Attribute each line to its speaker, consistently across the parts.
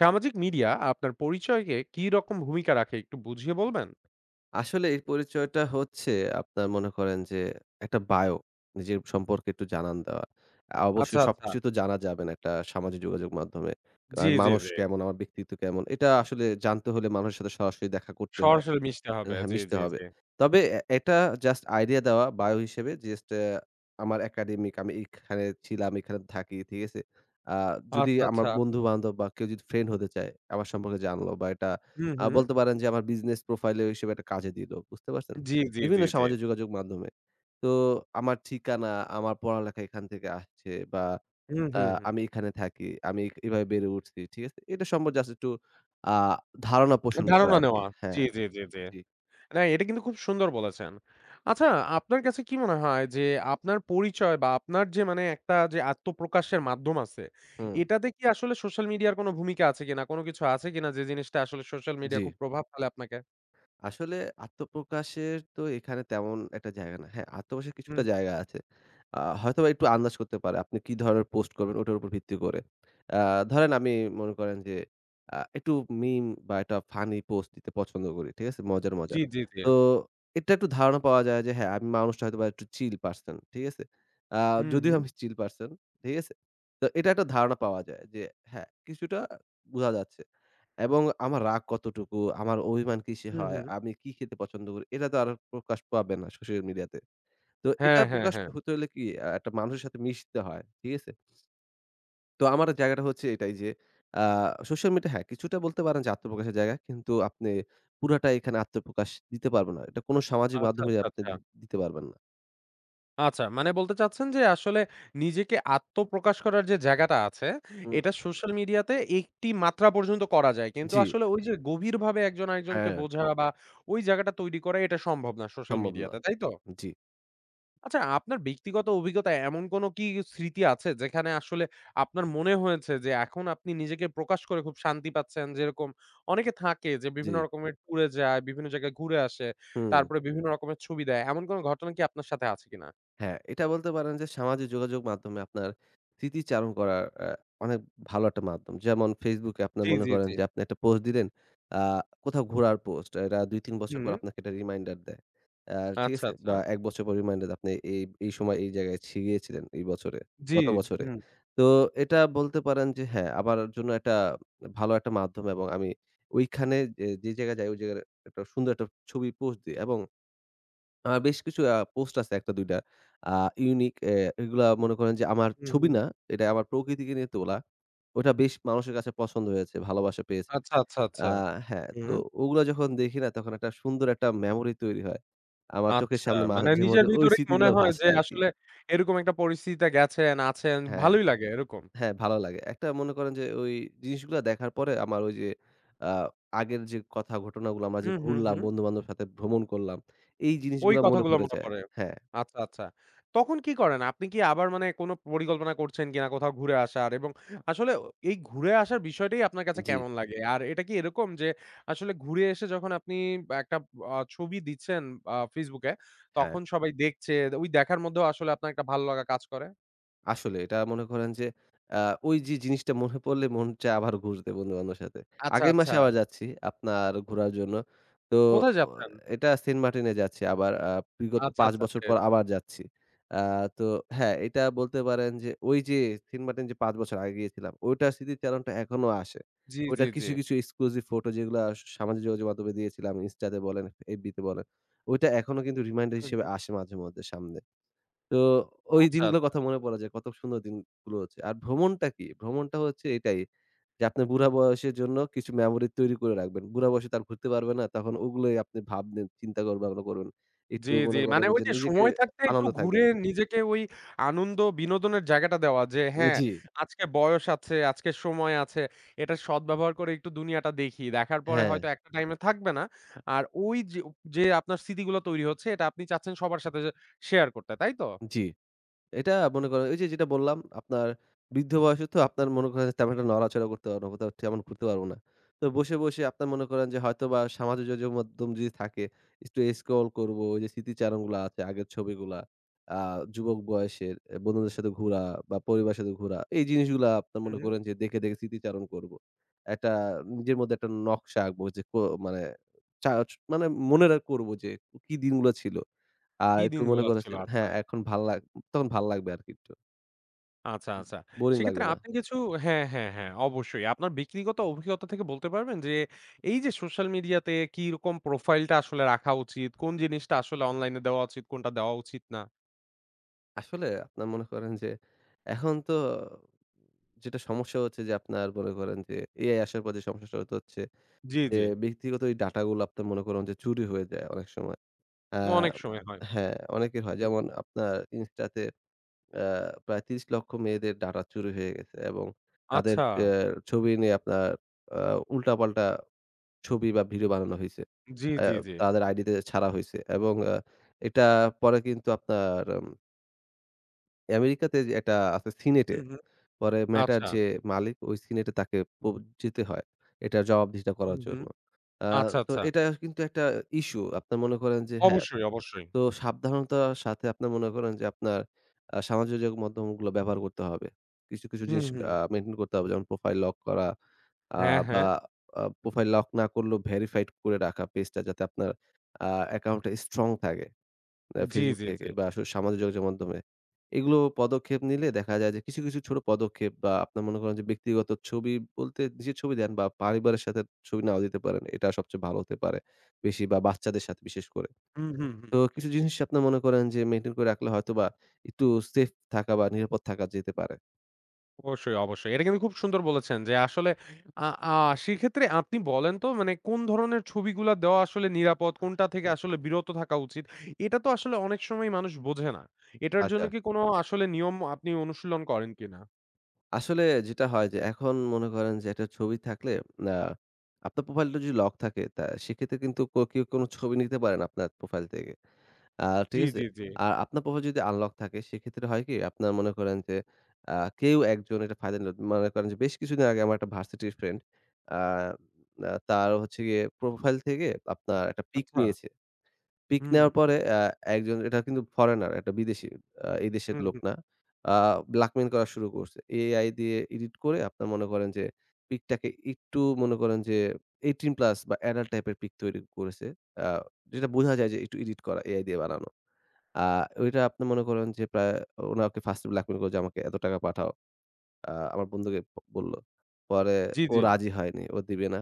Speaker 1: সামাজিক মিডিয়া আপনার পরিচয়কে কি রকম ভূমিকা রাখে একটু বুঝিয়ে বলবেন?
Speaker 2: আসলে এর পরিচয়টা হচ্ছে, আপনার মনে করেন যে একটা বায়ো, নিজের সম্পর্কে একটু জানান দেওয়া। আ
Speaker 1: আচ্ছা,
Speaker 2: অবশ্যই সবকিছু
Speaker 1: আচ্ছা।
Speaker 2: তো জানা যাবে না একটা সামাজিক যোগাযোগ মাধ্যমে।
Speaker 1: জি,
Speaker 2: [unintelligible]
Speaker 1: জি,
Speaker 2: মানুষ
Speaker 1: জি।
Speaker 2: কেমন, আমার ব্যক্তিত্ব কেমন এটা আসলে জানতে হলে মানুষের সাথে সরাসরি দেখা করতে হয়।
Speaker 1: সরাসরি মিশতে হবে।
Speaker 2: এহ
Speaker 1: জি,
Speaker 2: মিশতে
Speaker 1: জি,
Speaker 2: হবে।
Speaker 1: জি।
Speaker 2: তবে এ এটা জাস্ট আইডিয়া দেওয়া বায়ো হিসেবে। জাস্ট আমার একাডেমিক, আমি এখানে ছিলাম, এখানে থাকি। ঠিক আছে? আ যদি
Speaker 1: আচ্ছা,
Speaker 2: আমার
Speaker 1: আচ্ছা।
Speaker 2: বন্ধু বান্ধব বা কেউ যদি ফ্রেন্ড হতে চায়, আমার সম্পর্কে জানলো বা এটা
Speaker 1: হু,
Speaker 2: আ
Speaker 1: হু।
Speaker 2: বলতে পারেন যে আমার বিজনেস প্রোফাইলেও হিসেবে একটা কাজে দিল। বুঝতে পারছেন?
Speaker 1: জি, জি, জি,
Speaker 2: বিভিন্ন
Speaker 1: জি।
Speaker 2: সামাজিক যোগাযোগ মাধ্যমে। তো আমার ঠিকানা, আমার পড়ালেখা এখান থেকে আসছে বা
Speaker 1: হু,
Speaker 2: অ্যা
Speaker 1: হুম, হুম।
Speaker 2: আমি এখানে থাকি। আমি এক এভাবে বেড়ে উঠছি। ঠিক আছে? এটা সম্পর্কে জাস্ট একটু আ ধারণা পোষণ করা
Speaker 1: ধারণা
Speaker 2: আরকি
Speaker 1: নেওয়া জি,
Speaker 2: হ্যাঁ।
Speaker 1: জি, জি, জি।
Speaker 2: জি।
Speaker 1: না এটা কিন্তু খুব সুন্দর বলেছেন। আচ্ছা আপনার কাছে কি মনে হয় যে আপনার পরিচয় বা আপনার যে মানে একটা যে আত্মপ্রকাশের মাধ্যম আছে,
Speaker 2: হুম।
Speaker 1: এটাতে কি আসলে সোশ্যাল মিডিয়ার কোন ভূমিকা আছে কিনা? কোন কিছু আছে কিনা যে জিনিসটা আসলে সোশ্যাল মিডিয়া
Speaker 2: জি।
Speaker 1: খুব প্রভাব ফেলে আপনাকে?
Speaker 2: আসলে আত্মপ্রকাশের তো এখানে তেমন একটা জায়গা না। হ্যাঁ, আত্মপ্রকাশের
Speaker 1: হুম,
Speaker 2: কিছুটা
Speaker 1: হুম।
Speaker 2: জায়গা আছে। আ হয়তোবা একটু আন্দাজ করতে পারে আপনি কি ধরনের পোস্ট করবেন, ওটার উপর ভিত্তি করে। আ ধরেন আমি মন করেন যে, আ একটু মীম বা একটা ফানি পোস্ট দিতে পছন্দ করি ঠিক আছে? মজার,
Speaker 1: জি,
Speaker 2: মজার।
Speaker 1: জি, জি।
Speaker 2: তো এটা একটু ধারণা পাওয়া যায় যে হ্যাঁ, আমি মানুষটা হয়তো বা একটু চিল পারসন, ঠিক আছে? আ
Speaker 1: হুম,
Speaker 2: যদিও
Speaker 1: হুম।
Speaker 2: আমি চিল পারসন, ঠিক আছে? তো এটা একটা ধারণা পাওয়া যায় যে হ্যাঁ, কিছুটা আ বোঝা যাচ্ছে। এবং আমার রাগ কতটুকু, আমার অভিমান কিসে
Speaker 1: হুম,
Speaker 2: হয়,
Speaker 1: হুম।
Speaker 2: আমি কি খেতে পছন্দ করি, এরা তো আরো প্রকাশ পাবে না সোশ্যাল মিডিয়াতে। তো
Speaker 1: হ্যাঁ,
Speaker 2: এটা
Speaker 1: হ্যাঁ,
Speaker 2: প্রকাশ
Speaker 1: হ্যাঁ।
Speaker 2: হতে হলে কি, আ একটা মানুষের সাথে মিশতে হয়। ঠিক আছে? তো আমার জায়গাটা হচ্ছে এটাই যে, আ সোশ্যাল মিট এ হ্যাঁ, কিছুটা বলতে পারেন যে আত্মপ্রকাশের জায়গা, কিন্তু আপনি পুরাটাই এখানে আত্মপ্রকাশ দিতে পারবেন না। এটা কোন সামাজিক
Speaker 1: আচ্ছা,
Speaker 2: মাধ্যমে
Speaker 1: আচ্ছা,
Speaker 2: আপনি
Speaker 1: আচ্ছা।
Speaker 2: দি দিতে পারবেন না।
Speaker 1: আচ্ছা। মানে বলতে চাচ্ছেন যে, আসলে নিজেকে আত্মপ্রকাশ করার যে জায়গাটা আছে,
Speaker 2: হুম।
Speaker 1: এটা সোশ্যাল মিডিয়াতে একটি মাত্রা পর্যন্ত করা যায়। কিন্তু
Speaker 2: জি।
Speaker 1: আসলে ওই যে গভীরভাবে একজন আরেকজনকে
Speaker 2: হ্যাঁ।
Speaker 1: বোঝা বা ওই জাগাটা তৈরি করা এটা সম্ভব না সোশ্যাল
Speaker 2: সম্ভব না
Speaker 1: মিডিয়াতে।
Speaker 2: এটা,
Speaker 1: তাইতো?
Speaker 2: জি।
Speaker 1: আচ্ছা, আপনার ব্যক্তিগত অভিজ্ঞতায় এমন কোন কি স্মৃতি আছে? যেখানে আসলে আপনার মনে হয়েছে যে, এখন আপনি নিজেকে প্রকাশ করে খুব শান্তি পাচ্ছেন? যেরকম অনেকে থাকে যে বিভিন্ন
Speaker 2: জি।
Speaker 1: রকমের ট্যুরে যায়, বিভিন্ন জায়গায় ঘুরে আসে
Speaker 2: হুম।
Speaker 1: তারপরে বিভিন্ন রকমের ছবি দেয়। এমন কোন ঘটনা কি আপনার সাথে আছে কিনা?
Speaker 2: হ্যাঁ, এটা বলতে পারেন যে, সামাজিক যোগাযোগ মাধ্যমে আপনার স্মৃতি চারণ করার অ্যা অনেক ভালো একটা মাধ্যম। যেমন ফেসবুকে আপনার
Speaker 1: জি,
Speaker 2: মনে
Speaker 1: জি,
Speaker 2: করেন
Speaker 1: জি।
Speaker 2: যে আপনি একটা পোস্ট দিলেন, আ কোথাও ঘোরার পোস্ট। এরা ২-৩ বছর পর
Speaker 1: হুম।
Speaker 2: আপনাকে একটা রিমাইন্ডার দেয়। অ্যা ঠিক
Speaker 1: আচ্ছা,
Speaker 2: আছে? বা,
Speaker 1: আচ্ছা।
Speaker 2: ১ বছর পর রিমাইন্ডার দেয়। আপনি এই এই সময় এই জায়গায় ছি গিয়েছিলেন এই বছরে
Speaker 1: জি,
Speaker 2: গত বছরে।
Speaker 1: হুম।
Speaker 2: তো এটা বলতে পারেন যে হ্যাঁ, আমার জন্য একটা ভালো একটা মাধ্যম এবং আমি ঐখানে এ যে জায়গায় যাই, ওই জায়গায় একটা সুন্দর একটা ছবি পোস্ট দিই এবং আ বেশ কিছু আ পোস্ট আছে, একটা-দুইডা আ ইউনিক। এ এগুলা মনে করেন যে আমার
Speaker 1: হুম,
Speaker 2: ছবি
Speaker 1: হুম।
Speaker 2: না, এটা আমার প্রকৃতিকে নিয়ে তোলা। ওইটা বেশ মানুষের কাছে পছন্দ হয়েছে, ভালোবাসা পেয়েছে।
Speaker 1: আচ্ছা, আচ্ছা, আচ্ছা।
Speaker 2: আ হ্যাঁ, তো
Speaker 1: হুম।
Speaker 2: ওগুলা যখন দেখি না, তখন একটা সুন্দর একটা মেমোরি তৈরি হয়। আমার চোখের
Speaker 1: আচ্ছা,
Speaker 2: সামনে
Speaker 1: মানে নিজের
Speaker 2: মাঝেমধ্যে ঐ
Speaker 1: ভিতরেই মনে
Speaker 2: স্মৃতিগুলা
Speaker 1: হয় যে
Speaker 2: ভাসে আরকি।
Speaker 1: আসলে এরকম একটা পরিস্থিতিতে গেছেন, আছেন।
Speaker 2: হ্যাঁ।
Speaker 1: ভালোই লাগে এরকম।
Speaker 2: হ্যাঁ, ভালো লাগে। একটা মনে করেন যে, ঐ জিনিসগুলা দেখার পরে আমার ওইযে আ আগের যে কথা ঘটনাগুলা, আমরা যে
Speaker 1: হুম, হুম,
Speaker 2: ঘুরলাম,
Speaker 1: হুম।
Speaker 2: বন্ধুবান্ধবের সাথে ভ্রমণ করলাম, এই
Speaker 1: ওই
Speaker 2: জিনিসগুলা মনে
Speaker 1: কথাগুলো
Speaker 2: পড়ে
Speaker 1: মনে
Speaker 2: যায়।
Speaker 1: পড়ে।
Speaker 2: হ্যাঁ।
Speaker 1: আচ্ছা, আচ্ছা। তখন কি করেন? আপনি কি আবার মানে কোন পরিকল্পনা করছেন কিনা কোথাও ঘুরে আসার? এবং আসলে অ এই ঘুরে আসার বিষয়টাই আপনার কাছে
Speaker 2: জি।
Speaker 1: কেমন লাগে? আর এটা কি এরকম? যে, আসলে ঘুরে এসে যখন আপনি একটা ব ছবি দিচ্ছেন আ ফেসবুকে,
Speaker 2: হ্যাঁ।
Speaker 1: তখন সবাই দেখছে। ওই দেখার মধ্যেও আসলে আপনার একটা ভালো লাগা কাজ করে?
Speaker 2: আসলেই। এটা মনে করেন যে, আ ঐযে জিনিসটা মনে পড়লে মন চায় আবার ঘুরতে বন্ধু-বান্ধবের সাথে।
Speaker 1: আচ্ছা,
Speaker 2: আগামী
Speaker 1: আচ্ছা।
Speaker 2: মাসে আবার যাচ্ছি আপনার ঘুরার জন্য। তো
Speaker 1: কোথায়
Speaker 2: অ
Speaker 1: যাচ্ছেন?
Speaker 2: এইটা সেন্টমার্টিনে যাচ্ছি আবার আ বিগত
Speaker 1: আচ্ছা,
Speaker 2: ৫
Speaker 1: আচ্ছা
Speaker 2: বছর
Speaker 1: টে
Speaker 2: পর আবার যাচ্ছি। আ তো হ্যাঁ, এটা বলতে পারেন যে ঐ যে সেন্টমার্টিন যে ৫ বছর আগে গিয়েছিলাম, ঐটার স্মৃতি চারণটা এখনো আসে।
Speaker 1: জ্বি,
Speaker 2: ঐটা
Speaker 1: জ্বি, জ্বি।
Speaker 2: কিছু, কিছু exclusive ফটো যেগুলা সা সামাজিক যোগাযোগ মাধমে দিয়েছিলাম, Insta তে বলেন, FB তে বলেন। ওইটা এখনো কিন্তু রিমাইন্ডার
Speaker 1: হুম,
Speaker 2: হিসেবে
Speaker 1: হুম।
Speaker 2: আসে মাঝে মধ্যে সামনে। তো ঐ
Speaker 1: আচ্ছা,
Speaker 2: দিনগুলোর
Speaker 1: আচ্ছা।
Speaker 2: কথা মনে পড়ে যায়, কত সুন্দর দিনগুলো আছে। আর ভ্রমণটা কি? ভ্রমণটা হচ্ছে এটাই যে আপনার বুড়া বয়সের জন্য কিছু মেমোরি তৈরি করে রাখবেন। বুড়া বয়সে তো আর ঘুরতে পারবে না তখন ওগুলোই আপনি ভাববেন, চিন্তাকর ভাবনা করবেন। একটু
Speaker 1: জ্বি, জ্বি।
Speaker 2: মনে করে
Speaker 1: মানে
Speaker 2: যে
Speaker 1: ঐযে
Speaker 2: নিজেকে
Speaker 1: সময় থাকতে একটু
Speaker 2: আনন্দে
Speaker 1: ঘুরে
Speaker 2: থাকবেন।
Speaker 1: নিজেকে ওই আনন্দ, বিনোদনের জায়গাটা দেওয়া যে,
Speaker 2: উ
Speaker 1: "হ্যাঁ,
Speaker 2: জ্বি।
Speaker 1: আজকে বয়স আছে, আজকে সময় আছে, এটার সদব্যবহার করে একটু দুনিয়াটা দেখি, দেখার পরে হয়তো
Speaker 2: হ্যাঁ।
Speaker 1: একটা টাইমে থাকবে না।" আর ওইযো যে আপনার স্মৃতিগুলো তৈরি হচ্ছে এটা আপনি চাচ্ছেন সবার সাথে যে শেয়ার করতে। তাই তো?
Speaker 2: জ্বি। এটা মনে করেন ঐযে যেটা বললাম আপনার বৃদ্ধ বয়সে তো আপনার মনে করেন তেমন একটা নড়াচড়া করতে পারবো না, কোথাও টি তেমন ঘুরতে পারবো না। তো বসে, বসে আপনার মনে করেন যে হয়তোবা সামাজিক যোগাযোগ মাধ্যম যদি থাকে, একটু স্ক্রল করবো যে স্মৃতিচারণগুলা আছে আগের ছবিগুলা, আ যুবক বয়সের বন্ধুদের সাথে ঘুরা বা পরিবারের সাথে ঘুরা এই জিনিসগুলা আপনার
Speaker 1: হুম,
Speaker 2: মনে
Speaker 1: হুম।
Speaker 2: করেন যে দেখে, দেখে স্মৃতিচারণ করব। একটা নিজের মধ্যে একটা নকশা আঁকবো যে কো মানে চাচ মানে মনে করবো যে, "কী দিনগুলো ছিল!" আর
Speaker 1: কী
Speaker 2: একটু মনে
Speaker 1: দিনগুলা ছিল!
Speaker 2: করেছি
Speaker 1: আচ্ছা।
Speaker 2: হ্যাঁ, এখন ভাল্লাগ তখন ভাল্লাগবে আরকি একটু।
Speaker 1: আচ্ছা,
Speaker 2: উম
Speaker 1: আচ্ছা।
Speaker 2: বোরিং
Speaker 1: সেক্ষেত্রে
Speaker 2: লাগবে না।
Speaker 1: আপনি কিছু হ্যাঁ, হ্যাঁ, হ্যাঁ। অবশ্যই আপনার ব্যক্তিগত অভিজ্ঞতা থেকে বলতে পারবেন যে, এই যে সোশ্যাল মিডিয়া তে কি রকম প্রোফাইল টা আসলে রাখা উচিত? কোন জিনিসটা আসলে অনলাইন এ দেওয়া উচিত, কোনটা দেওয়া উচিত না?
Speaker 2: আসলে আপনার মনে করেন। যে এখন তো যেটা সমস্যা হচ্ছে, যে আপনারা মনে করেন যে AI আসার পর যে সমস্যা [unintelligible] হচ্ছে।
Speaker 1: জী,
Speaker 2: যে
Speaker 1: জী।
Speaker 2: ব্যক্তিগত এই ডাটা গুলো আপনার মনে করেন যে চুরি হয়ে যায় অনেক সময়। আ
Speaker 1: অনেক সময় হয়।
Speaker 2: হ্যাঁ, অনেকের হয়।
Speaker 1: হুম।
Speaker 2: যেমন আপনার Insta তে আ প্রায় ৩০ লক্ষ মেয়েদের ডাটা চুরি হয়ে গেছে এবং তাদের এ্যা
Speaker 1: আচ্ছা।
Speaker 2: ছবি নিয়ে আপনার আ উল্টা-পাল্টা ছবি বা ভিডিও বানানো হইছে।
Speaker 1: জ্বী,
Speaker 2: অ্যা
Speaker 1: জ্বী, জ্বী।
Speaker 2: তাদের আইডিতে ছাড়া হইছে। এবং আ এটা পরে কিন্তু আপনার উম আমেরিকাতে যে একটা আছে সিনেটে।
Speaker 1: হুম, হুম,
Speaker 2: পরে Meta র
Speaker 1: আচ্ছা।
Speaker 2: যে মালিক সিনেটে তাকে প যেতে হয়। এটার জবাবদিহিতা করার
Speaker 1: হুম, হুম,
Speaker 2: জন্য। আ
Speaker 1: আচ্ছা,
Speaker 2: তো
Speaker 1: আচ্ছা।
Speaker 2: এটা কিন্তু একটা ইসু। আপনার মনে করেন যে হ্যাঁ,
Speaker 1: অবশ্যই, অবশ্যই।
Speaker 2: তো সাবধানতার সাথে আপনার মনে করেন যে আপনার আ সামাজিক যোগাযোগ মাধ্যমগুলো ব্যবহার করতে হবে। কিছু, কিছু, জিনিস
Speaker 1: হুম, হুম।
Speaker 2: আ মেইনটেইন করতে হবে। যেমন প্রোফাইল লক করা। আ
Speaker 1: হ্যাঁ,
Speaker 2: বা
Speaker 1: হ্যাঁ।
Speaker 2: আ প্রোফাইল লক না করলেও ভেরিফাইড করে রাখা পেজটা যাতে আপনার আ অ্যাকাউন্ট টা স্ট্রং থাকে। আ
Speaker 1: জ্বী,
Speaker 2: Facebook
Speaker 1: জ্বী,
Speaker 2: থেকে
Speaker 1: জ্বী।
Speaker 2: বা আসলে সামাজিক যোগাযোগ মাধ্যমে। এগুলো পদক্ষেপ নিলে দেখা যায় যে কিছু, কিছু, ছোট পদক্ষেপ বা আপনার মনে করেন যে ব্যক্তিগত ছবি বলতে যে ছবি দেন বা পরিবারের সাথে ছবি নাও দিতে পারেন। এটা সবচেয়ে ভালো হতে পারে। বেশি বা বাচ্চাদের সাথে বিশেষ করে।
Speaker 1: হুম, হুম, হুম।
Speaker 2: তো কিছু জিনিস আপনি মনে করেন যে maintain করে রাখলে হয়তোবা একটু সেফ থাকা বা নিরাপদ থাকা যেতে পারে।
Speaker 1: অবশ্যই, অবশ্যই। এটা কিন্তু খুব সুন্দর বলেছেন যে আসলে আ আ সেক্ষেত্রে আপনি বলেন তো মানে কোন ধরনের ছবিগুলা দেওয়া আসলে নিরাপদ? কোনটা থেকে আসলে বিরত থাকা উচিত? এটা তো আসলে অনেক সময়ই মানুষ বোঝে না। এটার জন্য
Speaker 2: আচ্ছা।
Speaker 1: কি কোনো আসলে নিয়ম আপনি অনুশীলন করেন কিনা?
Speaker 2: আসলে যেটা হয় যে এখন মনে করেন যে একটা ছবি থাকলে আ আপনার প্রোফাইলটা যদি লক থাকে তা সেক্ষেত্রে কিন্তু ক কেউ কোনো ছবি নিতে পারে না আপনার প্রোফাইল থেকে। আ টিক
Speaker 1: জ্বী,
Speaker 2: আছে?
Speaker 1: জ্বী, জ্বী।
Speaker 2: আর আপনার প্রোফাইল যদি আনলক থাকে সেক্ষেত্রে হয় কি? আপনারা মনে করেন যে আ কেউ একজন একটা ফায়দা নিল। মনে করেন যে বেশ কিছুদিন আগে আমার একটা ভার্সিটির ফ্রেন্ড আ না তার হচ্ছে গিয়ে প্রোফাইল থেকে আপনার একটা পিক
Speaker 1: আচ্ছা।
Speaker 2: নিয়েছে। পিক
Speaker 1: হুম।
Speaker 2: নেওয়ার পরে অ্যা একজন এটা কিন্তু ফরেনার একটা বিদেশী আ এই দেশের
Speaker 1: হুম,
Speaker 2: লোক
Speaker 1: হুম।
Speaker 2: না। আ blackmail করা শুরু করসে। AI দিয়ে এডিট করে আপনারা মনে করেন যে পিকটাকে একটু মনে করেন যে 18+ বা এডাল্ট টাইপের পিক তৈরি করেছে। আ যেটা বোঝা যায় যে একটু এডিট করা AI দিয়ে বানানো। আ ওইটা আপনি মনে করেন যে প্রায় ওনাকে ফার্স্টে blackmail করে যে, "আমাকে এত টাকা পাঠাও।" আ আমার বন্ধুকে বলল। পরে
Speaker 1: জ্বী,
Speaker 2: ও
Speaker 1: জ্বী।
Speaker 2: রাজি হয়নি, ও দিবে না।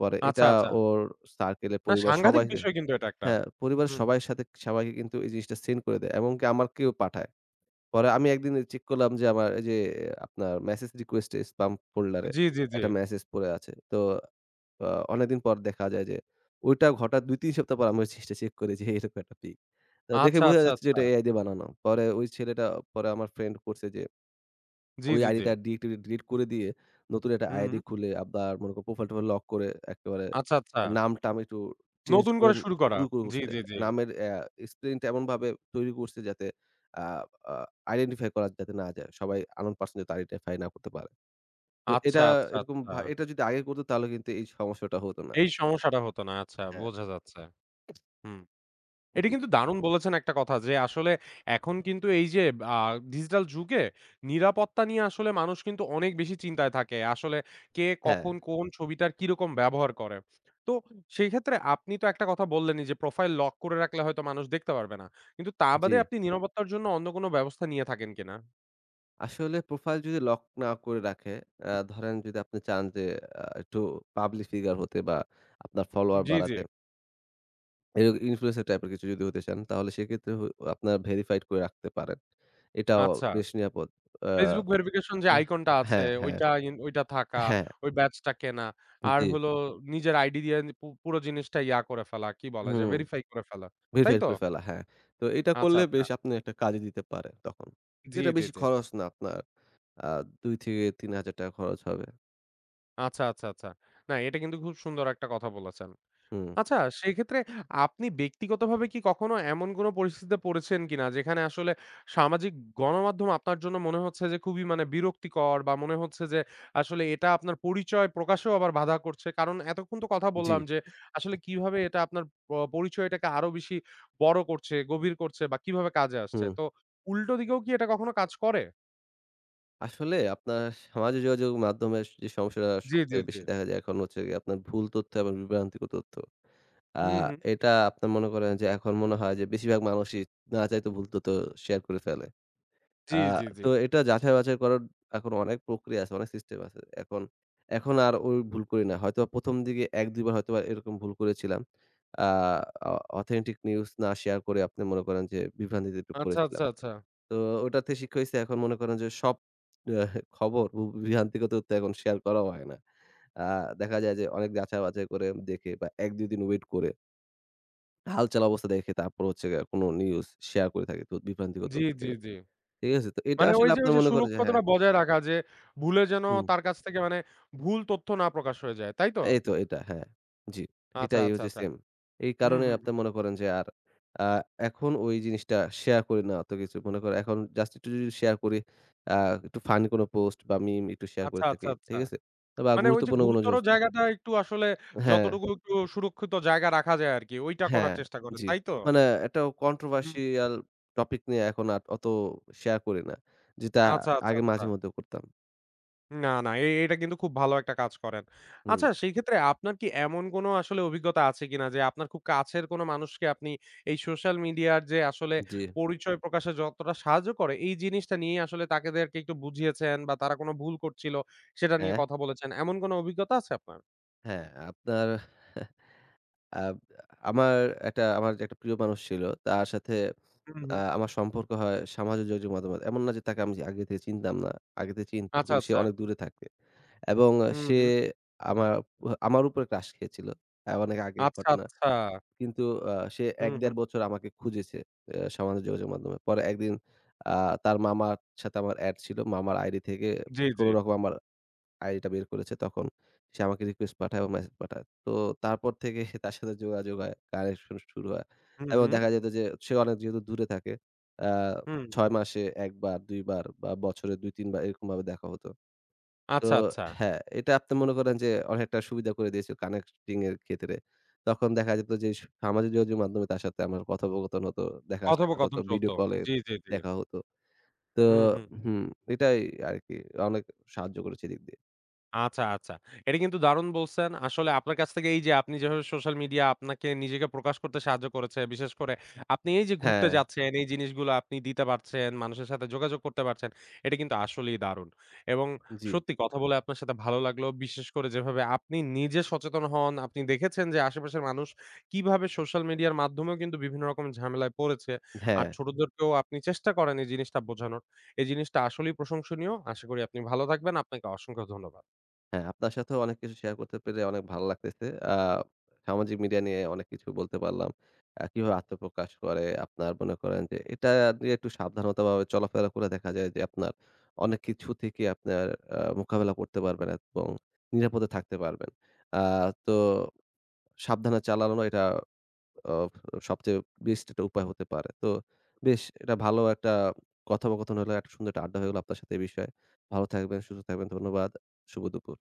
Speaker 2: পরে
Speaker 1: আচ্ছা,
Speaker 2: এটা
Speaker 1: আচ্ছা।
Speaker 2: ওর সার্কেলে
Speaker 1: না,
Speaker 2: পরিবার
Speaker 1: সাংঘাতিক
Speaker 2: সবাইরে
Speaker 1: বিষয় কিন্তু এটা একটা।
Speaker 2: হ্যাঁ, পরিবারের
Speaker 1: হুম।
Speaker 2: সবাইর সাথে সবাইকে কিন্তু এই জিনিসটা সেন্ড করে দেয় এবং কি আমাকেও পাঠায়। পরে আমি একদিন অ্যা চেক করলাম যে আমার এইযে আপনার মেসেজ রিকোয়েস্টে স্পাম ফোল্ডারে
Speaker 1: জ্বী, জ্বী, জ্বী।
Speaker 2: একটা মেসেজ পড়ে আছে। তো অ অনেকদিন পর দেখা যায় যে ঐটা ঘটার ২ ৩ সপ্তাহ পর আমি মেসেজটা চেক করি, যে এরকম একটা পিক। তো দেখে
Speaker 1: আচ্ছা,
Speaker 2: বোঝা
Speaker 1: আচ্ছা,
Speaker 2: যাচ্ছে যে
Speaker 1: আচ্ছা।
Speaker 2: এটা AI দিয়ে বানানো। পরে ওই ছেলেটা পরে আমার ফ্রেন্ড করছে যে
Speaker 1: জ্বী,
Speaker 2: ওই
Speaker 1: জ্বী, জ্বী।
Speaker 2: আইডিটা ডিএক্ট ডিলিট করে দিয়ে নতুন একটা
Speaker 1: হু
Speaker 2: আইডি
Speaker 1: হুম।
Speaker 2: খুলে আবার মনে করেন প্রোফাইল-টোফাইল লক করে একেবারে
Speaker 1: আচ্ছা, আচ্ছা।
Speaker 2: নাম-টাম একটু চেঞ্জ
Speaker 1: নতুন
Speaker 2: করে
Speaker 1: করে শুরু করা।
Speaker 2: শুরু ক
Speaker 1: জ্বী,
Speaker 2: করছে।
Speaker 1: জ্বী, জ্বী।
Speaker 2: নামের অ্যা স্পেলিং টা এমনভাবে তৈরি করছে যাতে আ আ identify করা যাতে না যায়। সবাই unknown person যাতে আইডিটা ফাইন্ড না করতে পারে। তো
Speaker 1: আচ্ছা,
Speaker 2: এটা
Speaker 1: আচ্ছা,
Speaker 2: এরকম
Speaker 1: আচ্ছা।
Speaker 2: ভা এটা যদি আগে করত তাহলে কিন্তু এই সমস্যাটা হত না।
Speaker 1: এই সমস্যাটা হতো না। আচ্ছা,
Speaker 2: হ্যাঁ।
Speaker 1: বোঝা যাচ্ছে। হুম। এইটা
Speaker 2: জ্বী।
Speaker 1: কিন্তু দারুণ বলেছেন একটা কথা যে আসলে এখন কিন্তু এই যে আ ডিজিটাল যুগে নিরাপত্তা নিয়ে আসলে মানুষ কিন্তু অনেক বেশি চিন্তায় থাকে। আসলে কে
Speaker 2: হ্যাঁ।
Speaker 1: কখন কোন ছবিটার কিরকম ব্যবহার করে। তো সেই ক্ষেত্রে আপনি তো একটা কথা বললেনি যে প্রোফাইল লক করে রাখলে হয়তো মানুষ দেখতে পারবে না। কিন্তু তা বাদে
Speaker 2: জ্বী।
Speaker 1: আপনি নিরাপত্তার জন্য অন্য কোনো ব্যবস্থা নিয়ে থাকেন কিনা?
Speaker 2: আসলে প্রোফাইল যদি লক না করে রাখে, আ
Speaker 1: উ
Speaker 2: ধরেন যদি আপনি চান যে, আ একটু পাবলিক ফিগার হতে বা আপনার
Speaker 1: উ
Speaker 2: ফলোওয়ার
Speaker 1: জ্বি, জ্বি।
Speaker 2: বাড়াতে এর ইনফ্লুয়েন্সার টাইপ এর কিছু যদি হতে চান, তাহলে সেক্ষেত্রে হ আপনার ভেরিফাইড করে রাখতে পারেন। এটাও
Speaker 1: আচ্ছা।
Speaker 2: বেশ নিরাপদ। আ
Speaker 1: Facebook ভেরিফিকেশন যে
Speaker 2: হ
Speaker 1: আইকনটা আছে,
Speaker 2: হ্যাঁ, হ্যাঁ,
Speaker 1: ওইটা ইন ওইটা থাকা,
Speaker 2: হ্যাঁ।
Speaker 1: ওই ব্যাচটা কেনা, আর
Speaker 2: জ্বি।
Speaker 1: হলো নিজের আইডি দিয়ে পু পুরো জিনিসটা ইয়া করে ফেলা কি বলা যে,
Speaker 2: হুম।
Speaker 1: ভেরিফাই করে ফেলা। তাই
Speaker 2: ভেরিফাই
Speaker 1: তো?
Speaker 2: করে ফেলা, হ্যাঁ। তো এটা
Speaker 1: আচ্ছা,
Speaker 2: করলে
Speaker 1: আচ্ছা।
Speaker 2: বেশ আপনি একটা কাজে দিতে পারে তখন।
Speaker 1: জ্বি,
Speaker 2: যেটা
Speaker 1: জ্বি,
Speaker 2: বেশি
Speaker 1: জ্বি।
Speaker 2: খরচ না। আপনার আ ৳২,০০০-৩,০০০ খরচ হবে।
Speaker 1: আচ্ছা, আচ্ছা, আচ্ছা। না, এটা কিন্তু খুব সুন্দর একটা কথা বলেছেন।
Speaker 2: হুম।
Speaker 1: আচ্ছা, সেক্ষেত্রে আপনি ব্যক্তিগতভাবে কি কখনো এমন কোনো পরিস্থিতিতে পড়েছেন কিনা? যেখানে আসলে সামাজিক গণমাধ্যম আপনার জন্য মনে হচ্ছে যে, খুবই মানে বিরক্তিকর, বা মনে হচ্ছে যে, আসলে এটা আপনার পরিচয় প্রকাশও আবার বাধা করছে। কারণ এতক্ষণ তো কথা
Speaker 2: জ্বি।
Speaker 1: বললাম যে, আসলে কিভাবে এটা আপনার প পরিচয়টাকে আরো বেশি বড় করছে, গভীর করছে বা কিভাবে কাজে আসছে।
Speaker 2: হুম।
Speaker 1: তো উল্টো দিকেও কি এটা কখনো কাজ করে?
Speaker 2: আসলে আপনার সামাজিক যোগাযোগ মাধ্যমে সে যে সমস্যাটা
Speaker 1: জ্বী, জ্বী,
Speaker 2: সবচেয়ে
Speaker 1: জ্বী।
Speaker 2: বেশি দেখা যায় এখন হচ্ছে গিয়ে, আপনার ভুল তথ্য এবং বিভ্রান্তিক তথ্য। অ্যা
Speaker 1: হু, হু।
Speaker 2: এটা আপনার মনে করেন যে এখন মনে হয় যে, বেশিরভাগ মানুষই না চাইতে ভুল তথ্য শেয়ার করে ফেলে।
Speaker 1: জ্বি,
Speaker 2: অ্যা
Speaker 1: জ্বি,
Speaker 2: তো
Speaker 1: জ্বি।
Speaker 2: এটা যাচাই-বাছাই করার এখন অনেক প্রক্রিয়া আছে, অনেক সিস্টেম আছে। এখন, এখন আর ঐ ভুল করি না। হয়তো ১ম দিকে ১-২ বার হয়তোবা এরকম ভুল করেছিলাম। অ্যা অ অথেন্টিক নিউজ না শেয়ার করে আপনি মনে করেন যে, বিভ্রান্তিতে একটু
Speaker 1: আচ্ছা, আচ্ছা,
Speaker 2: পরেছিলাম।
Speaker 1: আচ্ছা।
Speaker 2: তো ওটাতে শিক্ষা হইসে। এখন মনে করেন যে, সব এহ খবর বু বিভ্রান্তিকর তথ্য এখন শেয়ার করাও হয় না। অ্যা দেখা যায় যে, অনেক যাচাই-বাছাই করে দেখে বা ১-২ দিন ওয়েট করে হালচাল, অবস্থা দেখে তারপর হচ্ছে গিয়ে, কোন নিউজ শেয়ার করে থাকি, তো বিভ্রান্তিকর
Speaker 1: জ্বী,
Speaker 2: তথ্য
Speaker 1: জ্বী,
Speaker 2: থেকে।
Speaker 1: জ্বী।
Speaker 2: ঠিক আছে? তো এটা
Speaker 1: মানে ওই
Speaker 2: আসলে
Speaker 1: যে ওই
Speaker 2: আপনার
Speaker 1: যে
Speaker 2: মনে করে যে হ্যাঁ
Speaker 1: সুরক্ষতাটা বজায় রাখা, যে ভুলে যেন
Speaker 2: হুম।
Speaker 1: তার কাছ থেকে মানে, ভুল তথ্য না প্রকাশ হয়ে যায়। তাই তো?
Speaker 2: এইতো এটা, হ্যাঁ। জ্বি।
Speaker 1: আচ্ছা,
Speaker 2: এটাই
Speaker 1: আচ্ছা,
Speaker 2: হচ্ছে
Speaker 1: আচ্ছা।
Speaker 2: সেম। এই
Speaker 1: হু,
Speaker 2: কারণে
Speaker 1: হু, হু।
Speaker 2: আপনি মনে করেন যে, আর অ্যা এখন ওই জিনিসটা শেয়ার করি না অত কিছু। মনে করে এখন জাস্ট একটু রিল শেয়ার করি, অ্যা একটু ফানি কোন পোস্ট বা মিম একটু শেয়ার
Speaker 1: আচ্ছা,
Speaker 2: করে
Speaker 1: আচ্ছা,
Speaker 2: থাকি।
Speaker 1: আচ্ছা।
Speaker 2: ঠিক আছে? তবে অ্যা
Speaker 1: মানে ওই যে
Speaker 2: গুরুত্বপূর্ণ কোন
Speaker 1: গুরুতর
Speaker 2: জোস
Speaker 1: জায়গাটা একটু আসলে,
Speaker 2: হ্যাঁ।
Speaker 1: যতটুকু একটু সুরক্ষিত জায়গা রাখা যায় আরকি, ওইটা
Speaker 2: হ্যাঁ,
Speaker 1: করার চেষ্টা করেন।
Speaker 2: জি।
Speaker 1: তাই তো?
Speaker 2: মানে একটা
Speaker 1: হুম।
Speaker 2: কন্ট্রোভার্সিয়াল টপিক নিয়ে এখন আর অত শেয়ার করি না। যেটা
Speaker 1: আচ্ছা, আচ্ছা,
Speaker 2: আগে
Speaker 1: আচ্ছা।
Speaker 2: মাঝে-মধ্যে করতাম।
Speaker 1: না, না। এ এটা কিন্তু খুব ভালো একটা কাজ করেন।
Speaker 2: হুম।
Speaker 1: আচ্ছা সেক্ষেত্রে আপনার কি এমন কোন আসলে অভিজ্ঞতা আছে কিনা? যে আপনার খুব কাছের কোনো মানুষকে আপনি এই সোশ্যাল মিডিয়ার যে আসলে
Speaker 2: জি।
Speaker 1: পরিচয় প্রকাশের যতটা সাহায্য করে এই জিনিসটা নিয়েই আসলে তাদেরকে একটু বুঝিয়েছেন বা তারা কোন ভুল করছিল, সেটা নিয়ে
Speaker 2: হ্যাঁ।
Speaker 1: কথা বলেছেন? এমন কোন অভিজ্ঞতা আছে আপনার?
Speaker 2: হ্যাঁ, আপনার আব আমার একটা আমার একটা প্রিয় মানুষ ছিল। তার সাথে
Speaker 1: হুম,
Speaker 2: আ
Speaker 1: হুম।
Speaker 2: আমার সম্পর্ক হয় সামাজিক যোগাযোগ মাধ্যমে। এমন না যে তাকে আমি যে আগে থেকে চিনতাম না। আগে থেকে চিনতাম।
Speaker 1: আচ্ছা,
Speaker 2: কিন্তু সে
Speaker 1: আচ্ছা।
Speaker 2: অনেক দূরে থাকে। এবং
Speaker 1: হুম,
Speaker 2: সে
Speaker 1: হুম।
Speaker 2: আমার উহ উপরে ক্রাস খেয়েছিল। এ্যা অনেক আগের
Speaker 1: আচ্ছা,
Speaker 2: ঘটনা।
Speaker 1: আচ্ছা।
Speaker 2: কিন্তু আ সে
Speaker 1: হুম, হুম।
Speaker 2: ১-১.৫ বছর আমাকে খুঁজেছে অ্যা সামাজিক যোগাযোগ মাধ্যমে। পরে একদিন আ তার মামার সাথে আমার এড ছিল। মামার আইডি থেকে
Speaker 1: জি, জি।
Speaker 2: কোন রকম আমার আইডিটা বের করেছে তখন। সে আমাকে রিকোয়েস্ট পাঠায় এবং মেসেজ পাঠায়। তো তারপর থেকে সে তার সাথে যোগাযোগ হয়, কানেকশন শুরু হয়।
Speaker 1: হুম,
Speaker 2: এবং
Speaker 1: হুম।
Speaker 2: দেখা যেত যে, সে অনেক যেহেতু দূরে থাকে, অ্যা
Speaker 1: হুম।
Speaker 2: ৬ মাসে ১ বার ২ বার বা বছরে ২-৩ বার এরকমভাবে দেখা হত। তো
Speaker 1: আচ্ছা, আচ্ছা।
Speaker 2: হ্যাঁ, এটা আপনি মনে করেন যে অনেকটা সুবিধা করে দিয়েছি কানেক্টিংয়ের ক্ষেত্রে। তখন দেখা যেত যে স সামাজিক যোগযোগ মাধ্যমে তার সাথে আমার কথোপকথন হতো। দেখা সাক্ষাৎ হতো
Speaker 1: কথোপকথন
Speaker 2: ভিডিও
Speaker 1: চলতো।
Speaker 2: কলে
Speaker 1: জি, জি, জি।
Speaker 2: দেখা হত। তো
Speaker 1: হুম, হুম।
Speaker 2: হুম, এটাই আরকি। অনেক সাহায্য করেছে এদিক দিয়ে।
Speaker 1: আচ্ছা, আচ্ছা। এটা কিন্তু দারুন বলছেন, আসলে আপনার কাছ থেকে এই যে, আপনি যেভাবে social media আপনাকে নিজেকে প্রকাশ করতে সাহায্য করেছে, বিশেষ করে আপনি এই যে, ঘুরতে
Speaker 2: হ্যাঁ।
Speaker 1: যাচ্ছেন, এই জিনিসগুলা আপনি দিতে পারছেন, মানুষের সাথে যোগাযোগ করতে পারছেন। এটা কিন্তু আসলেই দারুণ এবং
Speaker 2: জ্বি।
Speaker 1: সত্যি কথা বলে আপনার সাথে ভালো লাগলো। বিশেষ করে যেভাবে আপনি নিজে সচেতন হন, আপনি দেখেছেন যে, আশেপাশের মানুষ কিভাবে social media এর মাধ্যমেও কিন্তু বিভিন্ন রকম ঝামেলায় পড়েছে। আর
Speaker 2: হ্যাঁ।
Speaker 1: ছোটদেরকেও আপনি চেষ্টা করেন এই জিনিসটা বোঝানোর। এই জিনিসটা আসলেই প্রশংসনীয়। আশা করি আপনি ভালো থাকবেন, আপনাকে অসংখ্য ধন্যবাদ।
Speaker 2: হ্যাঁ, আপনার সাথেও অনেক কিছু share করতে পেরে অনেক ভাল্লাগতেছে। আ সামাজিক মিডিয়া নিয়ে অনেক কিছু বলতে পারলাম। আ কিভাবে আত্মপ্রকাশ করে, আপনার মনে করেন যে, এটা নিয়ে একটু সাবধানতাভাবে চলাফেরা করে দেখা যায় যে, আপনার অনেক কিছু থেকে আপনার আ মোকাবেলা করতে পারবেন এবং নিরাপদে থাকতে পারবেন। আ তো সাবধানে চালানো এটা আ সবচেয়ে best একটা উপায় হতে পারে। তো বেশ এটা ভালো একটা কথোপকথন হলো, একটা সুন্দর একটা আড্ডা হয়ে গেল আপনার সাথে এই বিষয়ে। ভালো থাকবেন, সুস্থ থাকবেন। ধন্যবাদ। শুভ দুপুর।